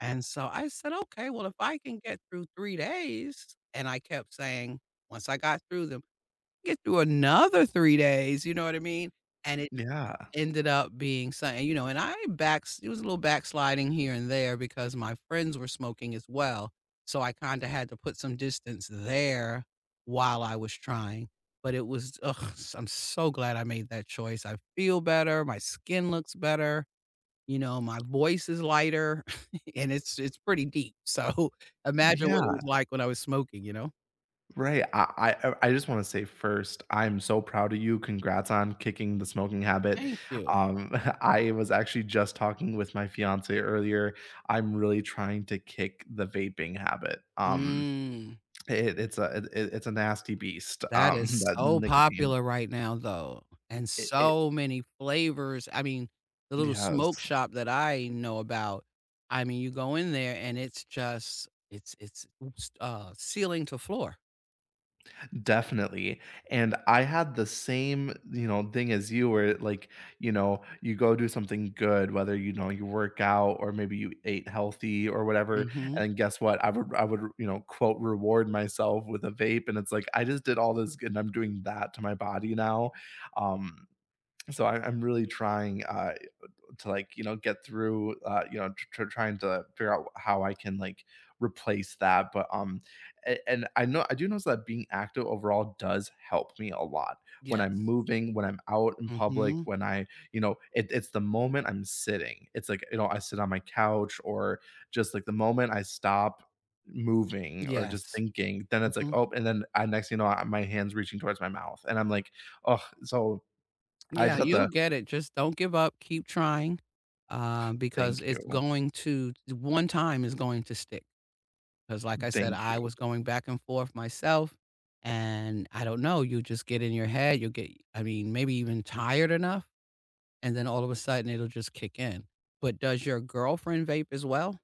And so, I said, "Okay, well, if I can get through 3 days," and I kept saying once I got through them, "Get through another 3 days." You know what I mean? And it Yeah. ended up being something, you know, and I backs it was a little backsliding here and there because my friends were smoking as well, so I kinda had to put some distance there while I was trying. But it was, ugh, s I'm so glad I made that choice. I feel better, my skin looks better, you know, my voice is lighter, and it's it's pretty deep. So, imagine what it Yeah. was like when I was smoking, you know? Right, I I uh, I just wanna say first, I'm so proud of you, congrats on kicking the smoking habit, Thank you. um, I was actually just talking with my fiancée earlier, I'm really trying to kick the vaping habit. Um, Mm. uh, it it's a uh, th it it's a nasty beast, That um, is that so nicotine. popular right now, though, and It it so many flavors, I mean, the little smoke Yes. shop that I know about, I mean, you go in there and it's just it's it's, uh, ceiling to floor. Definitely, and I had the same, you know, thing as you where, like, you know, you go do something good, whether, you know, you work out or maybe you ate healthy or whatever, Mhm. and guess what? I r would I would, you know, quote, "reward myself" with a vape, and it's, like, I just did all this good and I'm doing that to my body now, um, so, I I'm really trying, uh, to, like, you know, get through, uh, you know, tr tr trying to figure out how I can, like, replace that, but, um, a and I know I do notice that being active overall does help me a lot. When I'm Yes. moving, when I'm out in public, Mhm. when I, you know, it it's the moment I'm sitting. It's, like, you know, I sit on my couch or just, like, the moment I stop moving or just Yes. thinking, then it's, like, Mhm. "Oh", and then I next thing you know, uh, my hand's reaching towards my mouth, and I'm, like, "Ugh." So, I just Yeah, have you'll to get it, just don't give up, keep trying, uh, because Thank it's you. going to the one time it's going to stick, 'cause like I said, Thank I you. was going back and forth myself, and I don't know, you'll just get in your head. You'll get I mean, maybe even tired enough, and then all of a sudden it'll just kick in. But does your girlfriend vape as well?